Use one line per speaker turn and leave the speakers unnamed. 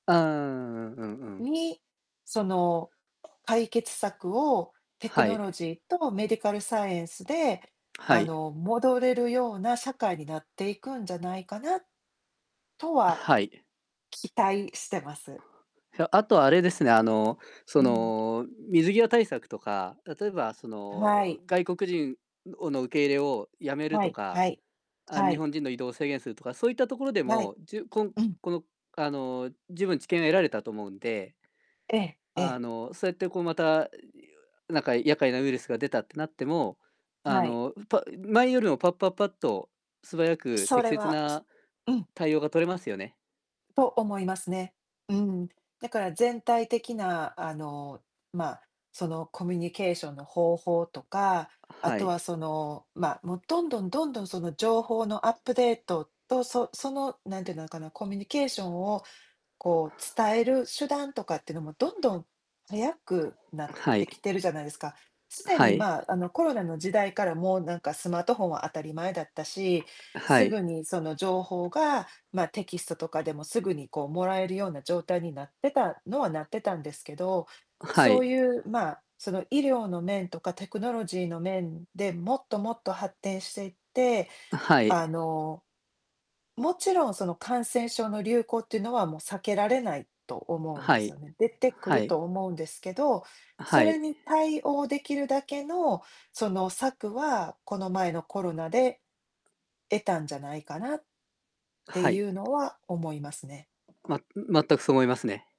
ああ、うんうん。
に、その解決策をテク
は
ノ
い。
ロジーとメディカルサイエンスで、
は
あ
い。
の、戻れるような社会になっていくんじゃないかなとは、
はい。
期待してます。
ひゃあとあれですね、あの、
う
そ
ん。
の、水際対策とか、例えば、その、
はい。
う、外国人をの、受け入れをやめる
は
と
い、は
か、
い、
あ、
は
日
い。
本人の移動を制限するとか、そういったところで
はい。
も、じゅうこん
うん。
この、あの、十分知見を得られたと思うんで、
ええ、え
あ
え。
の、そうやって、こう、また、なんか厄介なウイルスが出たってなっても、あ
はい。
の、う、ぱ前よりもパッパッパッと、素早く
そ
適
れ
切
は、す
な
うん。
対応が取れますよね。
と、思いますね、うん。だから全体的な、あの、まあ、その、コミュニケーションの方法とか、あ
は
とは、
い。
その、まあ、もう、どんどんどんどん、その、情報のアップデートと、そその、なんていうのかな、コミュニケーションを、こう、伝える手段とかってのもどんどん早くなっ
は
てき
い。
てるじゃないですか。すで
は
に、
い。
まあ、あの、コロナの時代からもうなんかスマートフォンは当たり前だったし、
は
すぐ
い。
にその情報が、ま、テキストとかでもすぐに、こう、もらえるような状態になってたのはなってたんですけど、
は
そ
い。
うゆう、まあ、その、医療の面とかテクノロジーの面で、もっともっと発展していって、
は
あ
い。
のもちろん、その、感染症の流行っていうのは、もう避けられない、と思うん
は
です
い。
よね、出てく
は
る
い。
と思うんですけど、そ
は
れ
い。
に対応できるだけの、その策は、この前のコロナで得たんじゃないかなって
はい。
ゆうのは、思いますね。
ままったく、そう思いますね。